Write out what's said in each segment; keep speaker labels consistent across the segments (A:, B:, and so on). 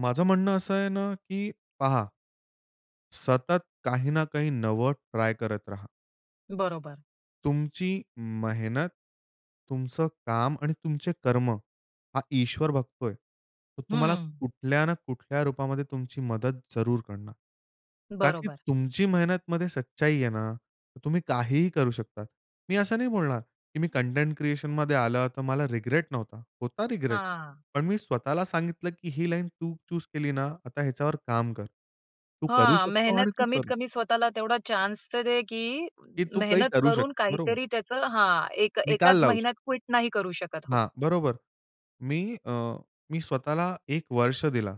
A: माझं म्हणणं असं आहे ना, की पहा सतत काही ना काही नवं ट्राय करत राहा.
B: बरोबर.
A: तुमची मेहनत, तुमचं काम आणि तुमचे कर्म, हा ईश्वर बघतोय. तर तुम्हाला
B: हं.
A: कुठल्या ना कुठल्या रूपामध्ये तुमची मदत जरूर करणार. का की
B: बरोबर.
A: तुमची मेहनतमध्ये सच्चाई आहे ना, तर तुम्ही काहीही करू शकता. मी असं नाही बोलणार, की मी कंटेंट क्रिएशनमध्ये आलं तर मला रिग्रेट नव्हता. होता रिग्रेट,
B: हां.
A: पण मी स्वतःला सांगितलं की ही लाईन तू चूज केली ना, आता ह्याच्यावर काम कर. तू करू
B: हां.
A: शकतो आणि
B: मेहनत
A: तू
B: कमीत
A: कर.
B: कमी स्वतःला तेवढा चान्स तर दे की
A: की तू काही
B: मेहनत
A: करू शकतो.
B: करून
A: बरोबर.
B: काहीतरी त्याचं हां, एक
A: निकाल
B: एकाच
A: लावू श
B: महिन्यात क्विट नाही करू शकत. हो.
A: हां. बरोबर. मी अ, मी स्वतःला 1 वर्ष दिला.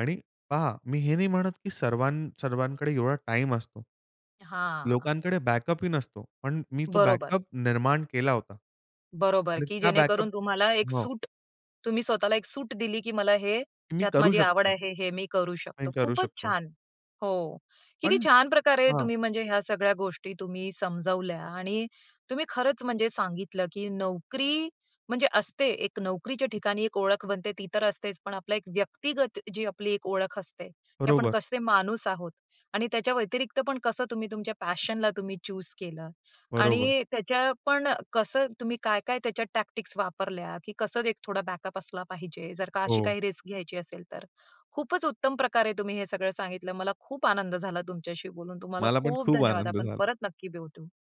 A: आणि पहा मी हे नाही म्हणत की सर्व सर्वांकडे एवढा टाईम असतो.
B: हां.
A: लोकांकडे बॅकअप ही नसतो. पण मी तो
B: बरोबर.
A: बॅकअप निर्माण केला होता.
B: बरोबर
A: आणि
B: की
A: त्या बॅकअप
B: जेणेकरून तुम्हाला एक
A: हो.
B: सूट, तुम्ही स्वतःला एक सूट दिली की मला हे
A: की मी
B: ज्यात
A: करू
B: माझी आवड
A: शकतो.
B: आहे हे, हे मी करू शकतो.
A: आणि करू
B: खूपच
A: शकतो.
B: छान. हो. किती
A: पण
B: छान प्रकारे
A: हां.
B: तुम्ही म्हणजे ह्या सगळ्या गोष्टी तुम्ही समजावल्या आणि तुम्ही खरंच म्हणजे सांगितलं की नोकरी म्हणजे असते. एक नोकरीच्या ठिकाणी एक ओळख बनते ती तर असतेच पण आपला एक व्यक्तिगत जी आपली एक ओळख असते की आपण
A: बरोबर.
B: कसे माणूस आहोत आणि त्याच्या व्यतिरिक्त पण कसं तुम्ही तुमच्या पॅशनला तुम्ही चूज केलं
A: बरोबर.
B: आणि त्याच्या पण कसं तुम्ही काय काय त्याच्यात टॅक्टिक्स वापरल्या की कसं एक थोडा बॅकअप असला पाहिजे जर का अशी
A: हो.
B: काही रिस्क घ्यायची असेल तर. खूपच उत्तम प्रकारे तुम्ही हे सगळं सांगितलं. मला खूप आनंद झाला तुमच्याशी बोलून. तुम्हाला
A: मला पण
B: खूप
A: खूप
B: धन्यवाद.
A: आनंद
B: आपण
A: झाला.
B: परत नक्की भेटू.